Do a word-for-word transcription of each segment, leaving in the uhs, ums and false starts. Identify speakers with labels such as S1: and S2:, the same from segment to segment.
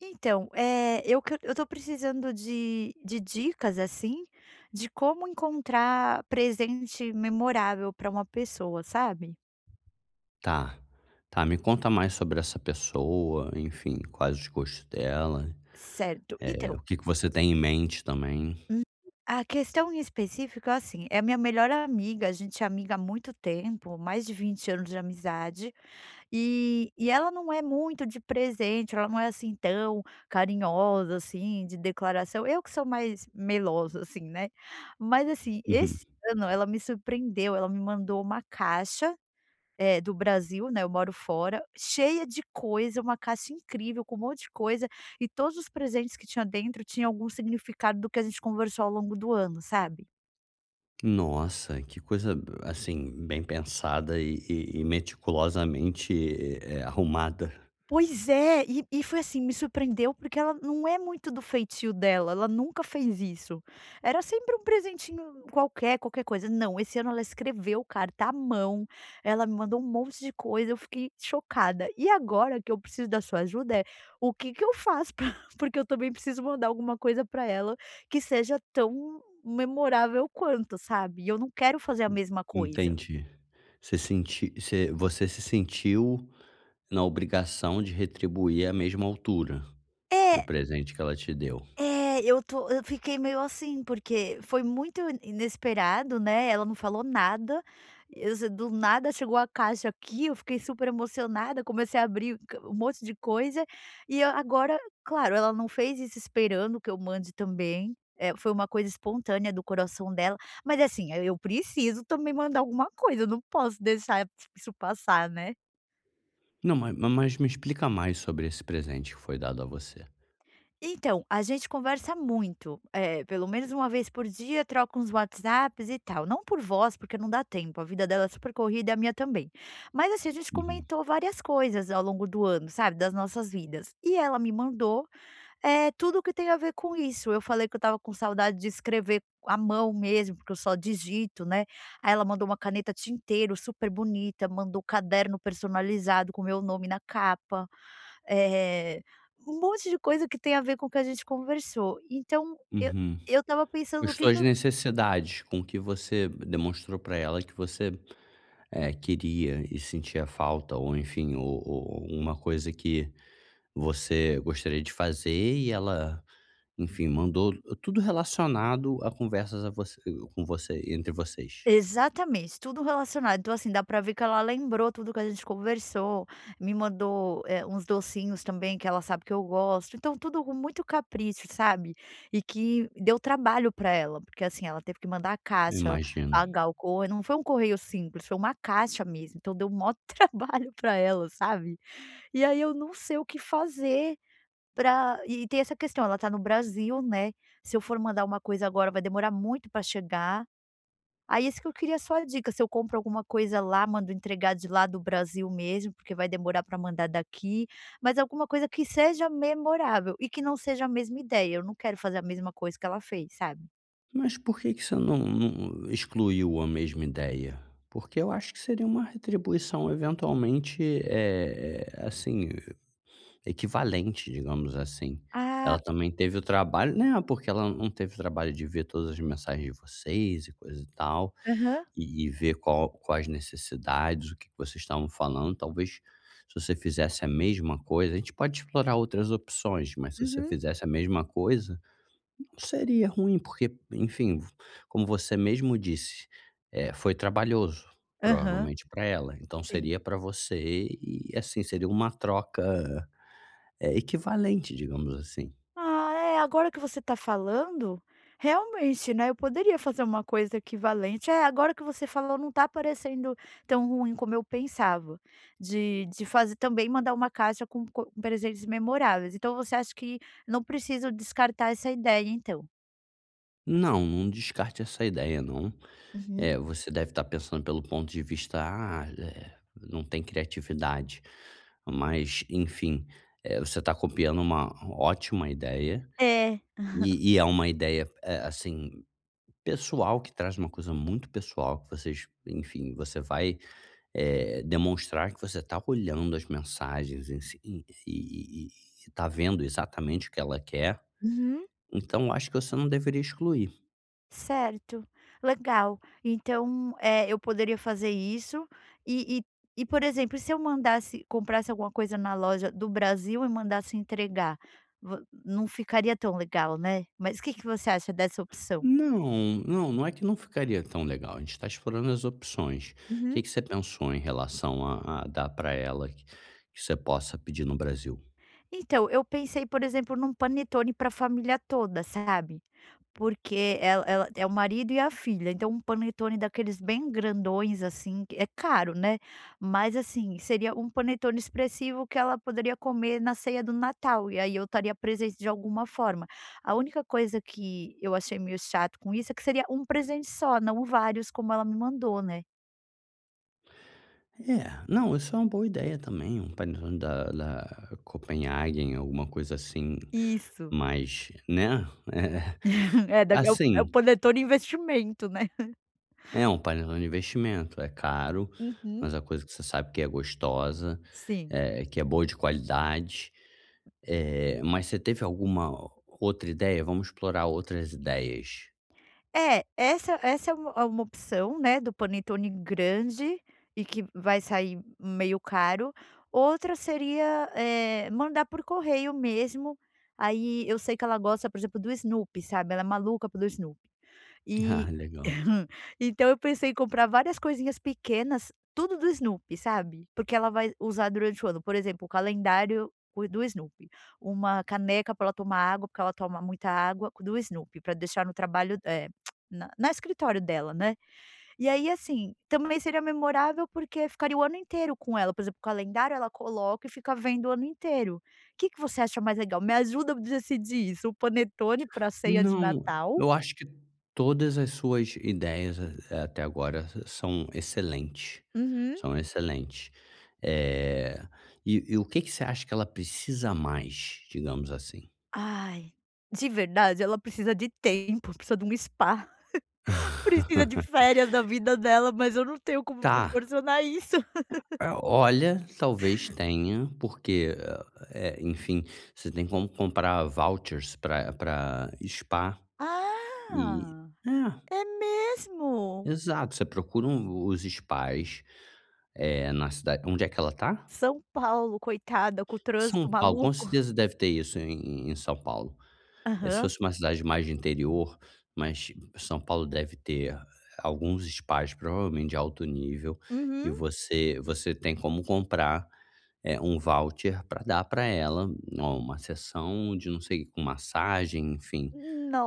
S1: Então, eh, eu que eu estou precisando de de dicas, assim, de como encontrar presente memorável pra uma pessoa, sabe?
S2: Tá, tá, me conta mais sobre essa pessoa, enfim, quais os gostos dela,
S1: Certo,
S2: eh,
S1: então
S2: o que que você tem em mente também.
S1: Hum, a questão em específico é assim: é a minha melhor amiga, a gente é amiga há muito tempo, mais de vinte anos de amizade e e ela não é muito de presente, ela não é, assim, tão carinhosa, assim, de declaração. Eu que sou mais melosa, assim, né, mas assim,
S2: Uhum.
S1: esse ano ela me surpreendeu, ela me mandou uma caixa, eh, do Brasil, né, eu moro fora, cheia de coisa, uma caixa incrível, com um monte de coisa e todos os presentes que tinha dentro tinha algum significado do que a gente conversou ao longo do ano, sabe.
S2: Nossa, que coisa b assim, bem pensada e e e meticulosamente, eh, arrumada.
S1: Pois é, e e foi assim me surpreendeu, porque ela não é muito do feitio dela, ela nunca fez isso. Era sempre um presentinho qualquer, qualquer coisa, não, esse ano ela escreveu carta à mão, ela me mandou um monte de coisa, eu fiquei chocada. E agora que eu preciso da sua ajuda é, o que que eu faço pra porque eu também preciso mandar alguma coisa para ela que seja tão memorável quanto, sabe, e eu não quero fazer a
S2: Hum,
S1: mesma coisa.
S2: entendi, você sente você você se sentiu na obrigação de retribuir à mesma altura o
S1: É.
S2: presente que ela te deu.
S1: É, eu tô eu fiquei meio assim, porque foi muito i inesperado, né, ela não falou nada, eu se do nada chegou a caixa aqui, eu fiquei super emocionada, comecei a abrir q um monte de coisa, e eu agora, claro, ela não fez isso esperando que eu mande também, eh, foi uma coisa espontânea do coração dela, mas assim, aí eu preciso também mandar alguma coisa, eu não posso deixar e isso passar, né.
S2: Não, ma ma mas me explica mais sobre esse presente que foi dado a você.
S1: Então a gente conversa muito, é pelo menos uma vez por dia, troca uns WhatsApps e tal, não por voz, porque não dá tempo. A vida dela é super corrida é a minha também. Mas assim a gente
S2: Uhum.
S1: comentou várias coisas ao longo do ano, sabe, das nossas vidas e ela me mandou, eh, tudo o que tem a ver com isso. Eu falei que eu estava com saudade de escrever a mão mesmo, porque eu só digito, né, aí ela mandou uma caneta tinteiro super bonita, mandou caderno personalizado com o meu nome na capa, eh, um monte de coisa que tem a ver com o que a gente conversou. Então, eu
S2: Uhum,
S1: eu estava
S2: com
S1: pensando
S2: as
S1: o que que
S2: suas
S1: eu
S2: necessidades, com que você demonstrou pra ela que você, eh, queria e sentia falta ou enfim, ou ou ou uma coisa que você gostaria de fazer e ela, enfim, mandou tudo relacionado a conversas a vo com você entre vocês.
S1: Exatamente, tudo relacionado. Então, assim dá pra ver que ela lembrou tudo que a gente conversou, me mandou eh, uns docinhos também, que ela sabe que eu gosto. Então, tudo com muito capricho, sabe? E que deu trabalho pra ela, porque assim ela teve que mandar a caixa,
S2: Imagino.
S1: pagar o corre não foi um correio simples, foi uma caixa mesmo. Então, deu o maior trabalho pra ela, sabe, e aí eu não sei o que fazer para e tem essa questão. Ela tá no Brasil, né, se eu for mandar uma coisa agora, vai demorar muito para chegar. Aí isso que eu queria só a dica. Se eu compro alguma coisa lá, mando entregar de lá do Brasil mesmo, porque vai demorar para mandar daqui, mas alguma coisa que seja memorável e que não seja a mesma ideia. Eu não quero fazer a mesma coisa que ela fez, sabe.
S2: Mas porque que você não não excluiu a mesma ideia? Porque eu acho que seria uma retribuição eventualmente, eh eh, assim, e equivalente, digamos assim.
S1: Ah.
S2: Ela também teve o trabalho não, porque ela não teve o trabalho de ver todas as mensagens de vocês e coisa e tal,
S1: Aham.
S2: e e ver qual quais necessidades, o que que vocês estavam falando. Talvez, se você fizesse a mesma coisa a gente pode explorar outras opções, mas se você
S1: Uhum.
S2: fizesse a mesma coisa, não seria ruim, porque, enfim, v como você mesmo disse, eh, foi trabalhoso,
S1: Aham.
S2: provavelmente pra ela, então
S1: Sim.
S2: seria pra você e, assim, seria uma troca, eh, equivalente, digamos assim.
S1: Ah, eh, agora que você tá falando realmente, né, eu poderia fazer uma coisa equivalente. Eh, agora que você falou, não tá parecendo tão ruim como eu pensava, de de fazer também mandar uma caixa com co presentes memoráveis. Então, você acha que não preciso descartar essa ideia, então?
S2: Não, não descarte essa ideia, não.
S1: Uhum.
S2: Eh, você deve estar pensando pelo ponto de vista: "Ah, eh, não tem criatividade". Mas, enfim, eh, você tá copiando uma ótima ideia.
S1: É.
S2: E e é uma ideia, eh, assim, pessoal, que traz uma coisa muito pessoal que vocês, enfim, você vai, eh, demonstrar que você tá olhando as mensagens em si, e e e e e tá vendo exatamente o que ela quer.
S1: Uhum.
S2: Então, eu acho que você não deveria excluir.
S1: Certo, legal, então, eh, eu poderia fazer isso e e e, por exemplo, se eu mandasse comprasse alguma coisa na loja do Brasil e mandasse entregar, vo não ficaria tão legal, né? Mas o quê que você acha dessa opção?
S2: Não, não, não é que não ficaria tão legal, a gente tá explorando as opções,
S1: Uhum.
S2: quê que você pensou em relação a a dar para ela, que você possa pedir no Brasil?
S1: Então eu pensei, por exemplo, num panetone para a família toda, sabe? Porque ela ela é o marido e a filha. Então, um panetone daqueles bem grandões, assim, que é caro, né, Mas, assim, seria um panetone expressivo que ela poderia comer na ceia do Natal. E aí eu estaria presente de alguma forma. A única coisa que eu achei meio chato com isso, é que seria um presente só, não vários, como ela me mandou, né.
S2: É não, isso é uma boa ideia também um panetone da da Kopenhagen, alguma coisa assim
S1: Isso.
S2: mas, né Eh,
S1: É da é o é o
S2: assim.
S1: panetone investimento, né?
S2: É um panelão de investimento, é caro,
S1: Uhum.
S2: mas a coisa que você sabe que é gostosa,
S1: Sim.
S2: eh, que é boa de qualidade, eh, mas você teve alguma outra ideia? Vamos explorar outras ideias.
S1: É, essa essa é uma, é uma opção, né, do panetone grande e que vai sair meio caro. Outra seria, eh, mandar por correio mesmo. Aí eu sei que ela gosta, por exemplo, do Snoopy, sabe, ela é maluca pelo Snoopy,
S2: Ah,
S1: e
S2: legal.
S1: então eu pensei em comprar várias coisinhas pequenas, tudo do Snoopy, sabe, porque ela vai usar durante o ano, por exemplo, o calendário do Snoopy, uma caneca pra ela tomar água, porque ela toma muita água, do Snoopy, para deixar no trabalho, eh, na na escritório dela, né. E aí, assim, também seria memorável, porque ficaria o ano inteiro com ela, por exemplo, o calendário, ela coloca e fica vendo o ano inteiro. Que que você acha mais legal? Me ajuda a decidir isso? O panetone para a ceia de
S2: Não,
S1: Natal
S2: eu acho que todas as suas ideias a até agora são excelentes,
S1: Uhum.
S2: são excelentes, eh, e e o quê que você acha que ela precisa mais? Digamos assim.
S1: Ai, de verdade, ela precisa de tempo, precisa de um spa, precisa de férias da vida dela, mas eu não tenho como
S2: Tá
S1: proporcionar isso.
S2: Ah, olha, talvez tenha, porque, eh, enfim, você tem como comprar vouchers para para spa, eh
S1: Ah,
S2: é.
S1: é mesmo.
S2: Exato, você procura um os spas, eh, na cidade onde é que ela tá?
S1: São Paulo, coitada com o
S2: São
S1: trânsito
S2: Paulo, com
S1: maluco.
S2: certeza deve ter isso em em em São Paulo, eh, se
S1: Aham.
S2: fosse uma cidade mais de interior, mas São Paulo deve ter alguns spas, provavelmente de alto nível e
S1: Uhum.
S2: você você tem como comprar, eh, um voucher para dar para ela, oh, uma sessão de não sei com massagem, enfim,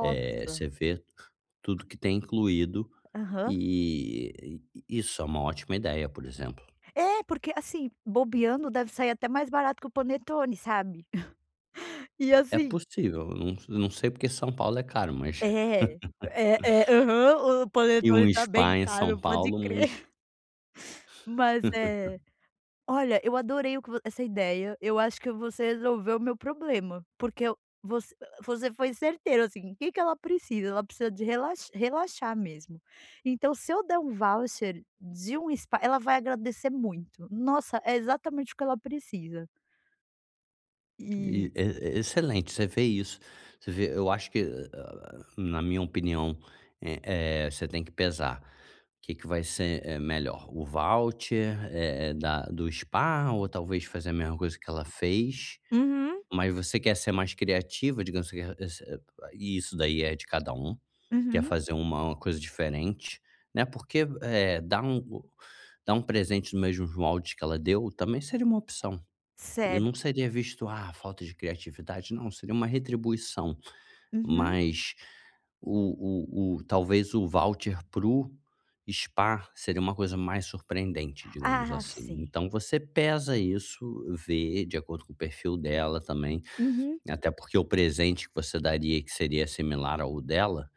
S2: eh, você vê tudo que tem incluído
S1: Aham.
S2: e isso é uma ótima ideia, por exemplo.
S1: É, porque, assim, bobeando deve sair até mais barato que o panetone, sabe. E
S2: É
S1: assim
S2: possível, não não sei porque São Paulo é caro, mas
S1: É é é aham, o
S2: eh, um
S1: panetone tá bem
S2: spa em São
S1: caro, pode
S2: Paulo, mas
S1: crer. Mas é olha, eu adorei o que voc essa ideia eu acho que você resolveu o meu problema, porque eu voc você foi certeiro, assim, quê que ela precisa? Ela precisa de relax relaxar mesmo então, se eu der um voucher de um spa, ela vai agradecer muito. Nossa, é exatamente o que ela precisa.
S2: E
S1: E
S2: é é excelente. Você vê isso, você vê eu acho que, hã hã, na minha opinião, eh eh, você tem que pesar o que que vai ser, eh, melhor. O voucher, eh eh, da do Spa, ou, talvez, fazer a mesma coisa que ela fez,
S1: Uhum.
S2: mas você quer ser mais criativa, digamos que você [unintelligible] e isso daí é de cada um. Quer
S1: Uhum.
S2: fazer um uma coisa diferente, né, porque, eh, dar um o dar um presente nos mesmos moldes que ela deu, também seria uma opção. E não
S1: Certo.
S2: seria visto: "ah! falta de criatividade", não, seria uma retribuição.
S1: Uhum.
S2: Mas o o o talvez o voucher para o Spa seria uma coisa mais surpreendente, digamos
S1: Ah,
S2: assim.
S1: sim.
S2: Então, você pesa isso, vê de acordo com o perfil dela também,
S1: Uhum.
S2: até porque o presente que você daria e que seria similar ao dela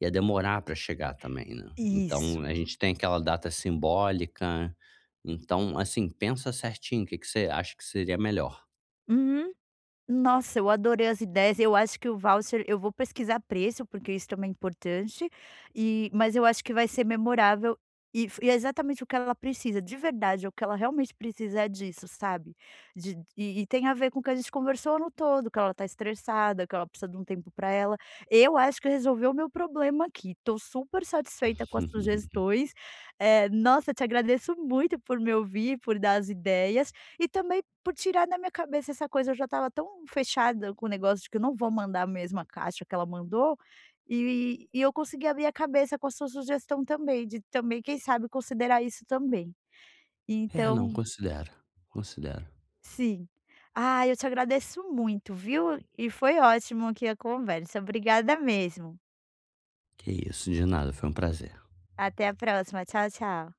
S2: ia demorar pra chegar também, né? Então,
S1: Isso.
S2: a gente tem aquela data simbólica. Então, assim, pensa certinho o que que você acha que seria melhor.
S1: Uhum. Nossa, eu adorei as ideias. Eu acho que o voucher eu vou pesquisar preço, porque isso também é importante, e mas eu acho que vai ser memorável e f e é exatamente o que ela precisa, de verdade, é o que ela realmente precisa, é disso, sabe? De e e tem a ver com o que a gente conversou no todo, que ela tá estressada, que ela precisa de um tempo pra ela. Eu acho que resolveu o meu problema aqui. Tô super satisfeita com as sugestões, eh, nossa, te agradeço muito por me ouvir, por dar as ideias e, também, por tirar na minha cabeça essa coisa eu já estava tão fechada com o negócio de que eu não vou mandar a mesma caixa que ela mandou, e e eu consegui abrir a cabeça com a sua sugestão também, de também, quem sabe, considerar isso, também,
S2: É, não,
S1: então
S2: considera, considera.
S1: Sim. Ah, eu te agradeço muito, viu? E foi ótimo, aqui, a conversa. Obrigada mesmo.
S2: Que isso! De nada, foi um prazer.
S1: Até a próxima. Tchau, tchau.